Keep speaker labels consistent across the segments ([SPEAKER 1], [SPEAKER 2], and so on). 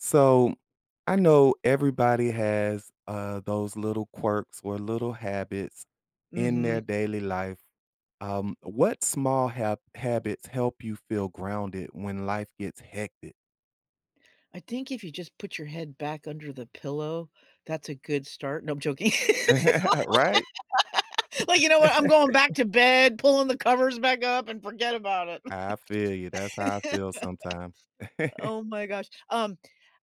[SPEAKER 1] So, I know everybody has, uh, those little quirks or little habits in
[SPEAKER 2] Mhm.
[SPEAKER 1] their daily life. Um, what small hab habits help you feel grounded when life gets hectic?
[SPEAKER 2] I think if you just put your head back under the pillow, that's a good start, no, I'm joking. L
[SPEAKER 1] Right?
[SPEAKER 2] like, "You know what I'm going back to bed, pulling the covers back up, and forget about it!"
[SPEAKER 1] I feel you, that's how I feel sometimes.
[SPEAKER 2] Oh my gosh, um,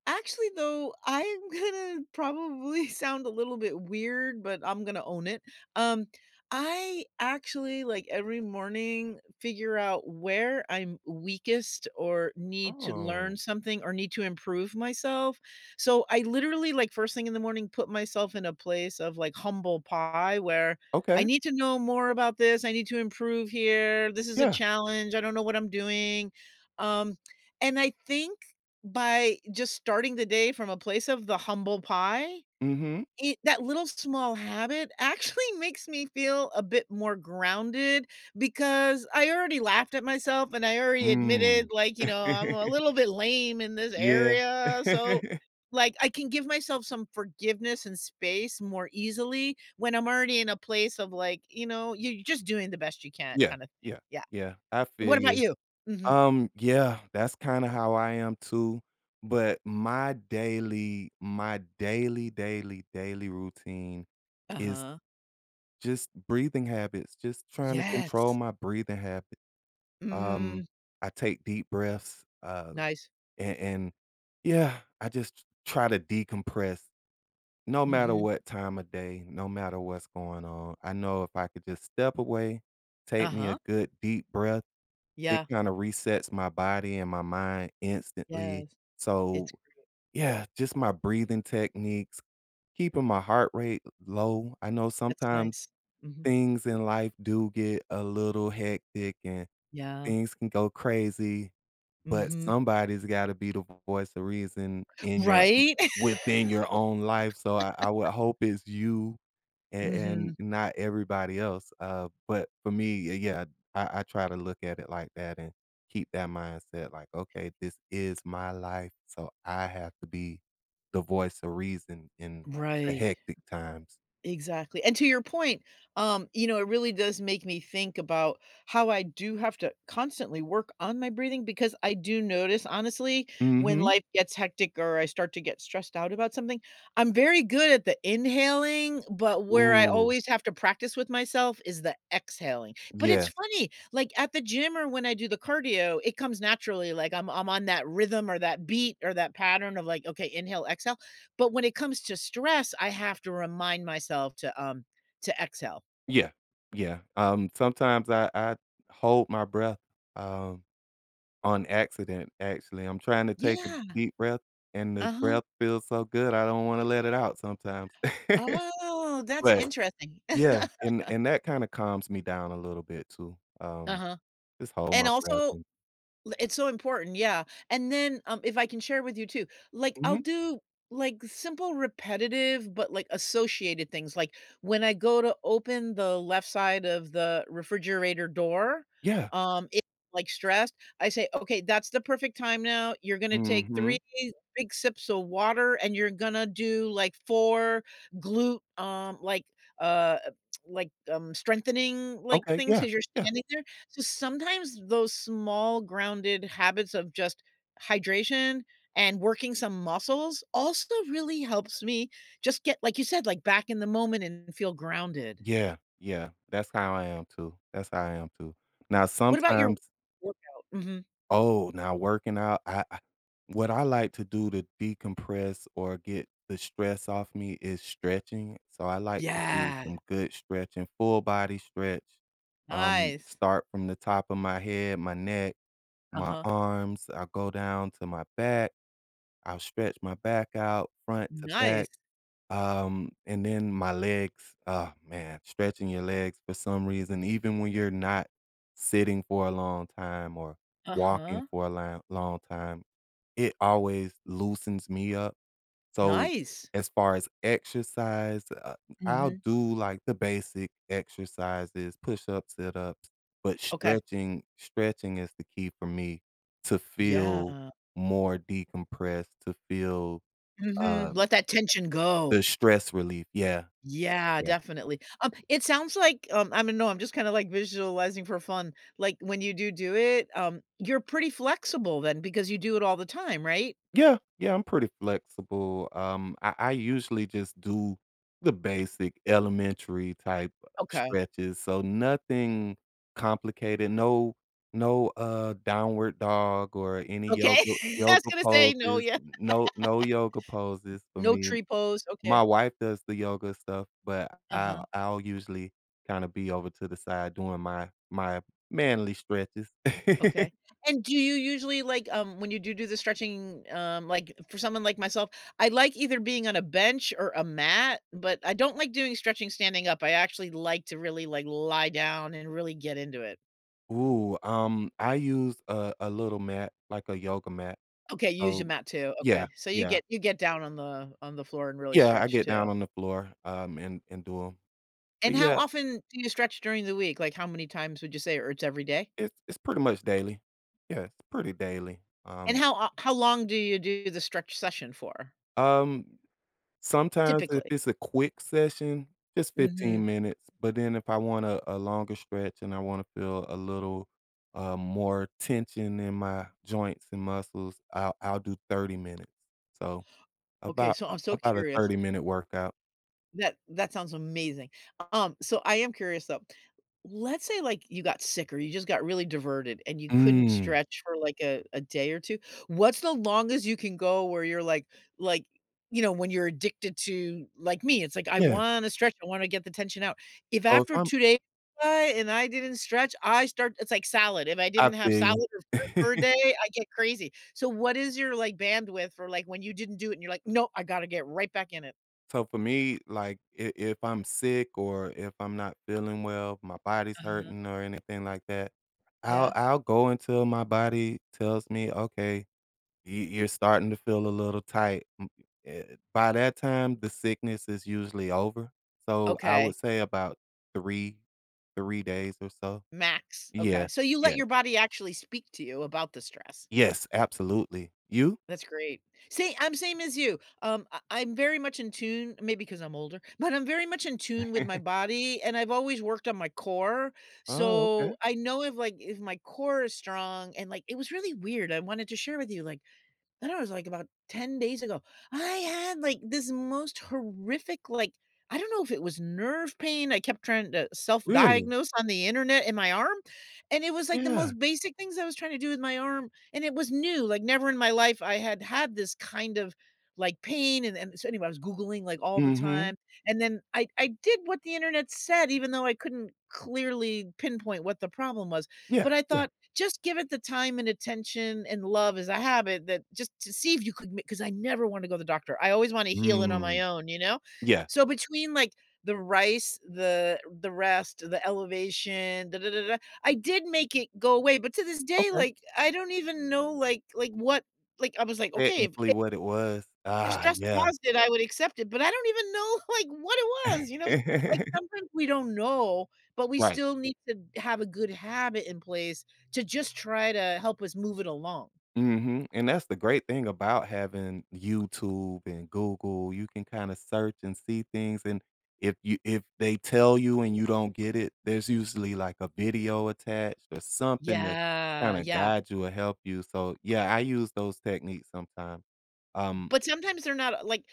[SPEAKER 2] actually though, I'm gonna probably sound a little bit weird, but I'm gonna own it. Um, I actually, like, every morning, figure out where I'm weakest or need to learn
[SPEAKER 1] Oh.
[SPEAKER 2] something or need to improve myself. So, I literally, like, first thing in the morning, myself in a place of like humble pie where "I
[SPEAKER 1] Okay.
[SPEAKER 2] need to know more about this, I need to improve here, this is a
[SPEAKER 1] Yeah.
[SPEAKER 2] challenge, I don't know what I'm doing," um, and I think by just starting the day from a place of the humble pie,
[SPEAKER 1] Mhm.
[SPEAKER 2] it that little small habit actually makes me feel a bit more grounded, because I already laughed at myself and I already admitted,
[SPEAKER 1] Mm.
[SPEAKER 2] like, you know, "I'm a little bit lame in this
[SPEAKER 1] Yeah.
[SPEAKER 2] area" so, like, I can give myself some forgiveness and space more easily when I'm already in a place of, like, you know, you're just doing the best you can
[SPEAKER 1] Yeah,
[SPEAKER 2] kinda thing,
[SPEAKER 1] yeah,
[SPEAKER 2] yeah.
[SPEAKER 1] yeah, I feel
[SPEAKER 2] What about
[SPEAKER 1] you.
[SPEAKER 2] you? Mhm.
[SPEAKER 1] Um, yeah, that's kinda how I am too. But my daily my daily, daily, daily routine is,
[SPEAKER 2] Uh-huh.
[SPEAKER 1] just breathing habits, just trying to control
[SPEAKER 2] Yes!
[SPEAKER 1] my breathing habit.
[SPEAKER 2] Mhm.
[SPEAKER 1] Um, I take deep breaths, uh,
[SPEAKER 2] Nice.
[SPEAKER 1] and and, yeah, I just t try to decompress no matter
[SPEAKER 2] Mhm.
[SPEAKER 1] what time of day, no matter what's going on- I know if I could just step away, take me a
[SPEAKER 2] Uh-huh.
[SPEAKER 1] good deep breath, it
[SPEAKER 2] Yeah.
[SPEAKER 1] kinda resets my body and my mind instantly.
[SPEAKER 2] Yes.
[SPEAKER 1] So,
[SPEAKER 2] It's great.
[SPEAKER 1] yeah, just my breathing techniques, keeping my heart rate l low. I know
[SPEAKER 2] That's
[SPEAKER 1] sometimes
[SPEAKER 2] nice, mhm.
[SPEAKER 1] things in life do get a little hectic and
[SPEAKER 2] Yeah.
[SPEAKER 1] things can go crazy, but
[SPEAKER 2] Mhm.
[SPEAKER 1] somebody's gotta be the voice of reason in your
[SPEAKER 2] Right?!
[SPEAKER 1] within your own life. So I I would hope it's you and and
[SPEAKER 2] Mhm.
[SPEAKER 1] not everybody else, uh, but, for me, y yeah, I I try to look at it like that and keep that mindset like, "Okay, this is my life so I have to be the voice of reason in, like, the
[SPEAKER 2] Right.
[SPEAKER 1] hectic times."
[SPEAKER 2] Exactly, and to your point, um, you know, it really does make me think about how I do have to constantly work on my breathing because I do notice, honestly, when
[SPEAKER 1] Mhm.
[SPEAKER 2] life gets hectic or I start to get stressed out about something, I'm very good at the inhaling, but where I
[SPEAKER 1] Ooh.
[SPEAKER 2] always have to practice with myself is the exhaling; but it's
[SPEAKER 1] Yeah.
[SPEAKER 2] funny, like, at the gym or when I do the cardio, it comes naturally, like, I'm I'm on that rhythm or that beat or that pattern of, like, "Okay, inhale, exhale." But when it comes to stress, I have to remind myself to, um, to exhale.
[SPEAKER 1] Yeah. Yeah, um, sometimes I I hold my breath, um, on accident, actually, I'm trying to take a
[SPEAKER 2] Yeah.
[SPEAKER 1] deep breath, and the
[SPEAKER 2] Uh-huh.
[SPEAKER 1] breath feels so good, I don't wanna let it out sometimes.
[SPEAKER 2] Oh, that's
[SPEAKER 1] But
[SPEAKER 2] interesting.
[SPEAKER 1] yeah, and and that kinda calms me down a little bit too. Um,
[SPEAKER 2] Uh-huh.
[SPEAKER 1] just hold
[SPEAKER 2] And
[SPEAKER 1] my
[SPEAKER 2] also,
[SPEAKER 1] breath in.
[SPEAKER 2] l it's so important, yeah. And then, um, if I can share with you too, like, I'll
[SPEAKER 1] Mhm.
[SPEAKER 2] do, like, simple repetitive, but, like, associated things, like, when I go to open the left side of the refrigerator door,
[SPEAKER 1] Yeah.
[SPEAKER 2] um, if like, stressed, I say, "Okay, that's the perfect time now. You're gonna take 3
[SPEAKER 1] Mhm.
[SPEAKER 2] big sips of water, and you're gonna do, like, 4 glute, um, like, uh, like, um, strengthening, like,
[SPEAKER 1] Okay,
[SPEAKER 2] things,
[SPEAKER 1] yeah,
[SPEAKER 2] 'cause you're
[SPEAKER 1] yeah.
[SPEAKER 2] standing there." So, sometimes those small grounded habits of just hydration and working some muscles also really helps me just get, like you said, like, back in the moment and feel grounded.
[SPEAKER 1] Yeah. Yeah. That's how I am too, that's how I am too. Now
[SPEAKER 2] What about your
[SPEAKER 1] sometimes
[SPEAKER 2] workout? Mhm.
[SPEAKER 1] Oh, now working out, I what I like to do to decompress or get the stress off me is stretching. So, I like to do
[SPEAKER 2] Yeah.
[SPEAKER 1] some good stretching, full-body stretch. Um,
[SPEAKER 2] Nice.
[SPEAKER 1] start from the top of my head, my neck, my
[SPEAKER 2] Uh-huh.
[SPEAKER 1] arms, I go down to my back. I'll stretch my back out front to back.
[SPEAKER 2] Nice.
[SPEAKER 1] Um, and then my legs, ah man, stretching your legs for some reason, even when you're not sitting for a long time or walking
[SPEAKER 2] Uh-huh.
[SPEAKER 1] for a lang long time, it always loosens me up. So,
[SPEAKER 2] Nice.
[SPEAKER 1] as far as exercise, uh, I'll
[SPEAKER 2] Mhm.
[SPEAKER 1] do, like, the basic exercises- push-ups, sit-ups, but
[SPEAKER 2] Okay.
[SPEAKER 1] stretching stretching is the key for me to feel
[SPEAKER 2] Yeah.
[SPEAKER 1] more decompressed, to feel,
[SPEAKER 2] Mhm,
[SPEAKER 1] um
[SPEAKER 2] let that tension
[SPEAKER 1] the
[SPEAKER 2] go.
[SPEAKER 1] stress relief, yeah.
[SPEAKER 2] Yeah,
[SPEAKER 1] Yeah.
[SPEAKER 2] definitely, um, it sounds like, um, I don't know I'm just kinda, like, visualizing for fun. Like, when you do do it, um you're pretty flexible then because you do it all the time, right?
[SPEAKER 1] Yeah. Yeah, I'm pretty flexible. Um, I I usually just do the basic elementary type
[SPEAKER 2] Okay.
[SPEAKER 1] stretches, so nothing complicated. No no, uh, downward dog or any
[SPEAKER 2] Okay,
[SPEAKER 1] yoga
[SPEAKER 2] I was
[SPEAKER 1] yoga
[SPEAKER 2] gonna say no
[SPEAKER 1] poses.
[SPEAKER 2] yeah.
[SPEAKER 1] No no yoga poses for
[SPEAKER 2] No
[SPEAKER 1] me.
[SPEAKER 2] tree pose, okay.
[SPEAKER 1] My wife does the yoga stuff, but
[SPEAKER 2] Uh-huh.
[SPEAKER 1] I'll I'll usually kinda be over to the side doing my my manly stretches.
[SPEAKER 2] Okay. And do you usually like, um, when you do do the stretching, um like, for someone like myself, I like either being on a bench or a mat, but I don't like doing stretching standing up, I actually like to really, like, lie down and really get into it.
[SPEAKER 1] Ooh, um, I use a a little mat, like a yoga mat.
[SPEAKER 2] Okay, you use your
[SPEAKER 1] So
[SPEAKER 2] mat too,
[SPEAKER 1] Yeah,
[SPEAKER 2] okay. So you
[SPEAKER 1] yeah.
[SPEAKER 2] get you get down on the on the floor and really
[SPEAKER 1] Yeah, I
[SPEAKER 2] stretch
[SPEAKER 1] get
[SPEAKER 2] too.
[SPEAKER 1] down on the floor, um, and and do 'em.
[SPEAKER 2] And
[SPEAKER 1] But
[SPEAKER 2] how
[SPEAKER 1] yeah
[SPEAKER 2] often do you stretch during the week? Like, how many times would you say, or it's every day?
[SPEAKER 1] It's it's pretty much daily. Yeah, it's pretty daily,
[SPEAKER 2] And
[SPEAKER 1] um
[SPEAKER 2] how o how long do you do the stretch session for?
[SPEAKER 1] Um, sometimes if
[SPEAKER 2] Typically.
[SPEAKER 1] it's a quick session, just
[SPEAKER 2] Mhm.
[SPEAKER 1] 15 minutes, but then if I wanna a longer stretch and I wanna feel a little, uh, more tension in my joints and muscles, I'll I'll do 30 minutes. So,
[SPEAKER 2] Okay,
[SPEAKER 1] about
[SPEAKER 2] so
[SPEAKER 1] a
[SPEAKER 2] I'm so
[SPEAKER 1] about a
[SPEAKER 2] curious
[SPEAKER 1] 30 minute workout.
[SPEAKER 2] That that sounds amazing. Um, so I am curious though, let's say, like, you got sick or you just got really diverted and you couldn't
[SPEAKER 1] Mm.
[SPEAKER 2] stretch for, like, a a day or 2. What's the longest you can go where you're like like, you know, when you're addicted to like me, it's like, I
[SPEAKER 1] Yeah.
[SPEAKER 2] wanna stretch, I wanna get the tension out. If
[SPEAKER 1] Oh, if
[SPEAKER 2] after
[SPEAKER 1] I'm
[SPEAKER 2] 2 days go by, and I didn't stretch, I start it's like salad, if I
[SPEAKER 1] I
[SPEAKER 2] didn't have
[SPEAKER 1] feel you.
[SPEAKER 2] salad or fruit for a day, I get crazy. So what is your, like, bandwidth for, like, when you didn't do it and you're like, "No, I gotta get right back in it."
[SPEAKER 1] So for me, like, i if I'm sick or if I'm not feeling well, my body's
[SPEAKER 2] Uh-huh.
[SPEAKER 1] hurting anything like that, I'll
[SPEAKER 2] Yeah.
[SPEAKER 1] I'll go until my body tells me, "Okay, y you're starting to feel a little tight," m eh by that time, the sickness is usually over, so I
[SPEAKER 2] Okay.
[SPEAKER 1] would say about 3, 3 days or so.
[SPEAKER 2] Max, okay.
[SPEAKER 1] Yeah,
[SPEAKER 2] So you let
[SPEAKER 1] yeah.
[SPEAKER 2] your body actually speak to you about the stress.
[SPEAKER 1] Yes, absolutely. You?
[SPEAKER 2] That's great. See, I'm same as you. Um, I I'm very much in tune- maybe 'cause I'm older- but I'm very much in tune with my body, and I've always worked on my core,
[SPEAKER 1] Oh, okay.
[SPEAKER 2] so I know if, like if my core is strong and, like it was really weird, I wanted to share with you, like I don't know, it was, like, about 10 days ago, I had, like, this most horrific, like I don't know if it was nerve pain- I kept trying to
[SPEAKER 1] Really?
[SPEAKER 2] self-diagnose on the internet- in my arm, and it was, like, the
[SPEAKER 1] Yeah.
[SPEAKER 2] most basic things I was trying to do with my arm, and it was new, like, never in my life I had had this, kind of, like, pain and and so anyway, I was Googling, like, all the
[SPEAKER 1] Mhm.
[SPEAKER 2] time, and then I I did what the internet said, even though I couldn't clearly pinpoint what the problem was,
[SPEAKER 1] Yeah,
[SPEAKER 2] but I
[SPEAKER 1] yeah.
[SPEAKER 2] thought, "Just give it the time and attention and love as a habit that just to see if you could make" 'Cause I never wanna go to the doctor. I always wanna heal it on my
[SPEAKER 1] Mm.
[SPEAKER 2] own, you know?
[SPEAKER 1] Yeah.
[SPEAKER 2] So between like the RICE, the the rest, the elevation I did make it go away, but to this day,
[SPEAKER 1] Okay.
[SPEAKER 2] like, I don't even know, like like what like I was like, "Okay, if"
[SPEAKER 1] Technically what it was.
[SPEAKER 2] "if
[SPEAKER 1] Ah,
[SPEAKER 2] stress
[SPEAKER 1] yeah.
[SPEAKER 2] caused it, I would accept it," but I don't even know, like, what it was, you know? Like, sometimes we don't know, but we
[SPEAKER 1] Right.
[SPEAKER 2] still need to have a good habit in place to just try to help us move it along.
[SPEAKER 1] Mhm, and that's the great thing about having YouTube and Google, you can kinda search and see things, and if you if they tell you and you don't get it, there's usually, like, a video attached or something to
[SPEAKER 2] Yeah,
[SPEAKER 1] kinda
[SPEAKER 2] yeah.
[SPEAKER 1] guide you or help you, so, yeah, I use those techniques sometimes. Um
[SPEAKER 2] But sometimes they're not, uh, like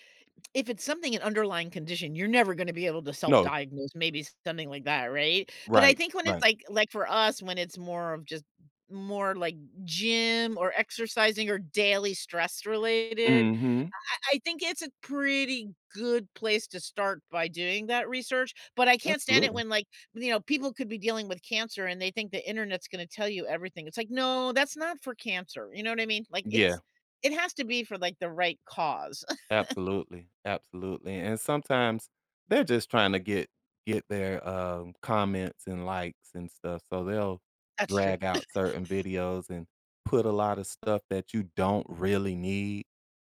[SPEAKER 2] if it's something an underlying condition, you're never gonna be able to
[SPEAKER 1] No.
[SPEAKER 2] self-diagnose, maybe something like that, right? But I
[SPEAKER 1] Right,
[SPEAKER 2] think when it's
[SPEAKER 1] right.
[SPEAKER 2] like like for us, when it's more of just more like gym or exercising or daily stress related,
[SPEAKER 1] Mhm.
[SPEAKER 2] I I I think it's a pretty good place to start by doing that research, but I can't stand it
[SPEAKER 1] Absolutely.
[SPEAKER 2] when, like, you know, people could be dealing with cancer and they think the internet's gonna tell you everything, it's like, "No, that's not for cancer," you know what I mean? Like,
[SPEAKER 1] Yeah.
[SPEAKER 2] it's it has to be for, like, the right cause.
[SPEAKER 1] Absolutely. Absolutely, and sometimes they're just trying to get get their, uh, comments and likes and stuff, so they'll
[SPEAKER 2] That's true.
[SPEAKER 1] drag out certain videos and put a lot of stuff that you don't really need,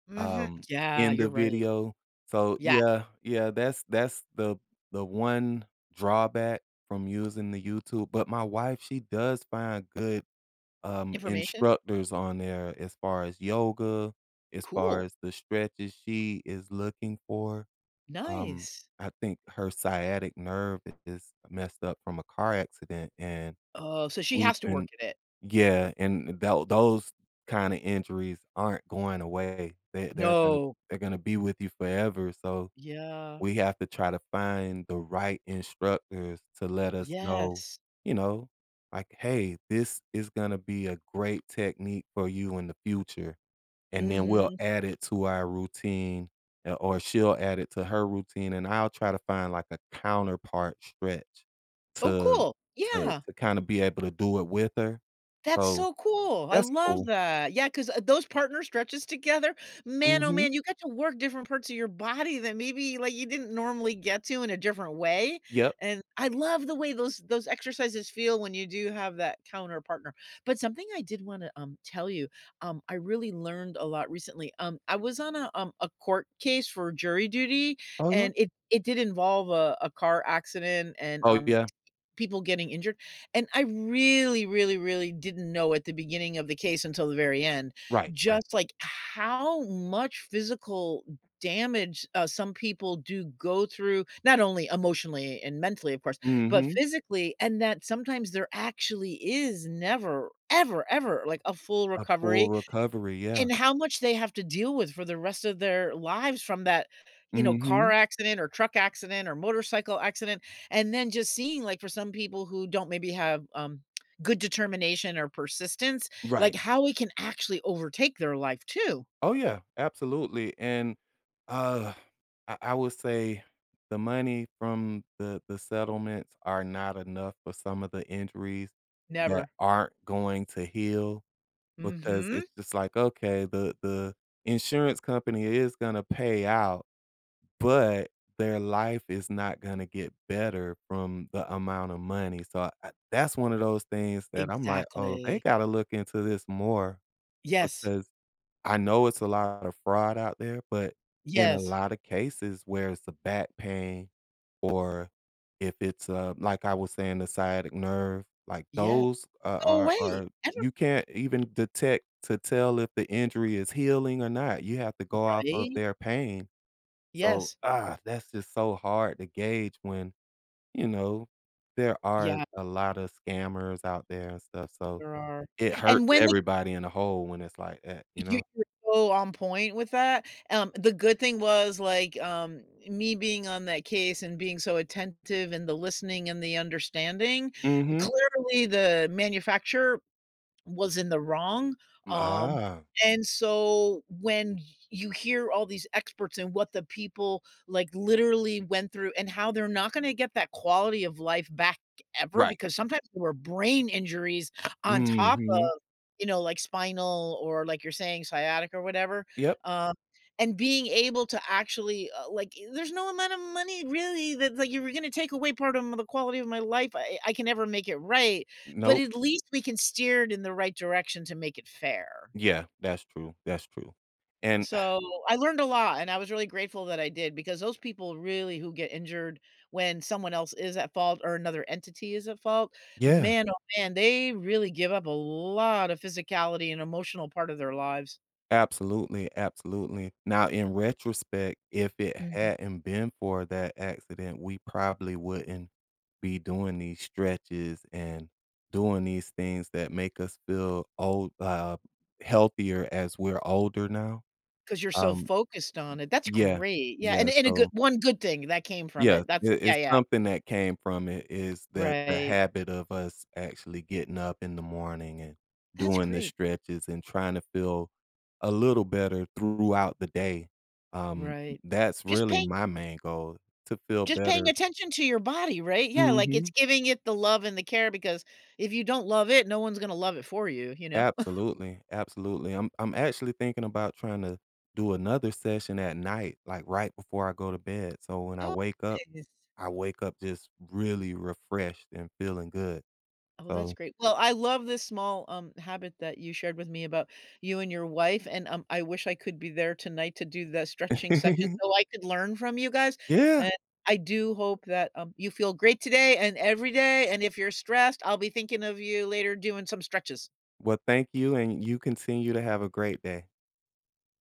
[SPEAKER 2] Mhm,
[SPEAKER 1] um,
[SPEAKER 2] yeah,
[SPEAKER 1] in the
[SPEAKER 2] you're right.
[SPEAKER 1] video. So,
[SPEAKER 2] Yeah.
[SPEAKER 1] yeah, yeah, that's that's the the one drawback from using the YouTube, but my wife, she does find good, um,
[SPEAKER 2] Information?
[SPEAKER 1] instructors on there as far as yoga, as far
[SPEAKER 2] Cool.
[SPEAKER 1] as the stretches she is looking for, um,
[SPEAKER 2] Nice.
[SPEAKER 1] I think her sciatic nerve is messed up from a car accident, and
[SPEAKER 2] Oh, so she
[SPEAKER 1] we've
[SPEAKER 2] has to
[SPEAKER 1] been
[SPEAKER 2] work at it.
[SPEAKER 1] Yeah, and tha th those kind of injuries aren't going away, they they're gonna
[SPEAKER 2] No.
[SPEAKER 1] they're gonna be with you forever, so
[SPEAKER 2] Yeah.
[SPEAKER 1] we have to try to find the right instructors to let us know,
[SPEAKER 2] Yes.
[SPEAKER 1] you know, like, "Hey, this is gonna be a great technique for you in the future," and then we'll
[SPEAKER 2] Mhm.
[SPEAKER 1] add it to our routine, eh, or she'll add it to her routine, and I'll try to find like a counterpart stretch
[SPEAKER 2] Oh,
[SPEAKER 1] to
[SPEAKER 2] cool,
[SPEAKER 1] to
[SPEAKER 2] yeah.
[SPEAKER 1] to kinda be able to do it with her,
[SPEAKER 2] That's
[SPEAKER 1] so,
[SPEAKER 2] so cool, I
[SPEAKER 1] that's
[SPEAKER 2] love
[SPEAKER 1] cool.
[SPEAKER 2] that. Yeah, 'cause, eh, those partner stretches together, man, oh,
[SPEAKER 1] Mhm.
[SPEAKER 2] man, you get to work different parts of your body than maybe, like, you didn't normally get to in a different way,
[SPEAKER 1] Yep.
[SPEAKER 2] and I love the way those those exercises feel when you do have that counter partner. But something I did wanna, um, tell you, um, I really learned a lot recently, um, I was on a, um a court case for jury duty,
[SPEAKER 1] Oh, yeah?
[SPEAKER 2] and it it did involve a a car accident and,
[SPEAKER 1] Oh,
[SPEAKER 2] um,
[SPEAKER 1] yeah.
[SPEAKER 2] people getting injured, and I really, really, really didn't know at the beginning of the case until the very end,
[SPEAKER 1] Right, right.
[SPEAKER 2] just, like, how much physical damage, uh, some people do go through- not only emotionally and mentally, of course- but
[SPEAKER 1] Mhm.
[SPEAKER 2] physically, and that sometimes there actually is never, ever, ever like a full
[SPEAKER 1] A
[SPEAKER 2] recovery
[SPEAKER 1] full recovery, yeah.
[SPEAKER 2] and how much they have to deal with for the rest of their lives from that, you know, car
[SPEAKER 1] Mhm.
[SPEAKER 2] accident or truck accident or motorcycle accident, and then just seeing, like, for some people who don't maybe have, um, good determination or persistence, like
[SPEAKER 1] Right.
[SPEAKER 2] how it can actually overtake their life too.
[SPEAKER 1] Oh, yeah. Absolutely, and, ugh, I I will say the money from the the settlements are not enough for some of the injuries that
[SPEAKER 2] Never.
[SPEAKER 1] aren't going to heal because
[SPEAKER 2] Mhm.
[SPEAKER 1] it's just like, "Okay, the the insurance company is gonna pay out, but their life is not gonna get better from the amount of money," so, eh, that's one of those things that I'm like, "Oh, they
[SPEAKER 2] Exactly.
[SPEAKER 1] gotta look into this more,"
[SPEAKER 2] Yes.
[SPEAKER 1] because I know it's a lot of fraud out there, but in a
[SPEAKER 2] Yes.
[SPEAKER 1] lot of cases where it's the back pain or if it's, uh, like I was saying, the sciatic nerve, like
[SPEAKER 2] Yeah
[SPEAKER 1] those a
[SPEAKER 2] go
[SPEAKER 1] are
[SPEAKER 2] away,
[SPEAKER 1] are
[SPEAKER 2] ever
[SPEAKER 1] you can't even detect to tell if the injury is healing or not, you have to go off of
[SPEAKER 2] Right?
[SPEAKER 1] their pain. So,
[SPEAKER 2] Yes.
[SPEAKER 1] that's just so hard to gauge when, you know, there are
[SPEAKER 2] Yeah.
[SPEAKER 1] a lot of scammers out there and stuff, so
[SPEAKER 2] There are,
[SPEAKER 1] it hurts
[SPEAKER 2] and when they
[SPEAKER 1] everybody in a whole when it's like that, you
[SPEAKER 2] You
[SPEAKER 1] know?
[SPEAKER 2] are so on point with that, um, the good thing was, like, um, me being on that case and being so attentive in the listening and the understanding,
[SPEAKER 1] Mhm.
[SPEAKER 2] clearly the manufacturer was in the wrong,
[SPEAKER 1] M
[SPEAKER 2] um,
[SPEAKER 1] ah.
[SPEAKER 2] and so when you hear all these experts and what the people, like, literally went through and how they're not gonna get that quality of life back ever
[SPEAKER 1] Right.
[SPEAKER 2] because sometimes there were brain injuries on top
[SPEAKER 1] Mhm.
[SPEAKER 2] of, you know, like spinal, or like you're saying, sciatica or whatever,
[SPEAKER 1] Yep.
[SPEAKER 2] um, and being able to actually, eh, like i there's no amount of money really that like, if you were gonna take away part of m the quality of my life, I I can never make it right, but
[SPEAKER 1] Nope.
[SPEAKER 2] at least we can steer it in the right direction to make it fair.
[SPEAKER 1] Yeah. That's true, that's true, and
[SPEAKER 2] So, I learned a lot and I was really grateful that I did because those people really who get injured when someone else is at fault or another entity is at fault,
[SPEAKER 1] Yeah.
[SPEAKER 2] man, oh, man, they really give up a lot of physicality and emotional part of their lives.
[SPEAKER 1] Absolutely, absolutely. Now in retrospect, if it
[SPEAKER 2] Mhm.
[SPEAKER 1] hadn't been for that accident, we probably wouldn't be doing these stretches and doing these things that make us feel old uh, healthier as we're older now,
[SPEAKER 2] 'Cause you're so
[SPEAKER 1] um
[SPEAKER 2] focused on it, that's
[SPEAKER 1] Yeah,
[SPEAKER 2] great. Yeah, an
[SPEAKER 1] yeah,
[SPEAKER 2] and a good
[SPEAKER 1] so
[SPEAKER 2] one good thing that came from
[SPEAKER 1] Yeah,
[SPEAKER 2] it,
[SPEAKER 1] i
[SPEAKER 2] that's it yeah,
[SPEAKER 1] it's
[SPEAKER 2] yeah.
[SPEAKER 1] something that came from it is that the
[SPEAKER 2] Right.
[SPEAKER 1] habit of us actually getting up in the morning and
[SPEAKER 2] That's
[SPEAKER 1] doing the
[SPEAKER 2] great.
[SPEAKER 1] stretches and trying to feel a little better throughout the day, um,
[SPEAKER 2] Right,
[SPEAKER 1] that's
[SPEAKER 2] just
[SPEAKER 1] really
[SPEAKER 2] pay
[SPEAKER 1] my main goal, to feel
[SPEAKER 2] just paying
[SPEAKER 1] better.
[SPEAKER 2] attention to your body, right, yeah, like, it's
[SPEAKER 1] Mhm.
[SPEAKER 2] giving it the love and the care because if you don't love it, no one's gonna love it for you, you know?
[SPEAKER 1] Absolutely, absolutely. I'm I'm actually thinking about trying to do another session at night, like, right before I go to bed so when I
[SPEAKER 2] Oh
[SPEAKER 1] wake up,
[SPEAKER 2] [unintelligible]
[SPEAKER 1] I wake up just really refreshed and feeling good,
[SPEAKER 2] Oh, that's
[SPEAKER 1] so
[SPEAKER 2] great. Well, I love this small, um, habit that you shared with me about you and your wife, and, um, I wish I could be there tonight to do the stretching session so I could learn from you guys,
[SPEAKER 1] Yeah.
[SPEAKER 2] and I do hope that, um, you feel great today and every day, and if you're stressed, I'll be thinking of you later doing some stretches.
[SPEAKER 1] Well, thank you, and you continue to have a great day.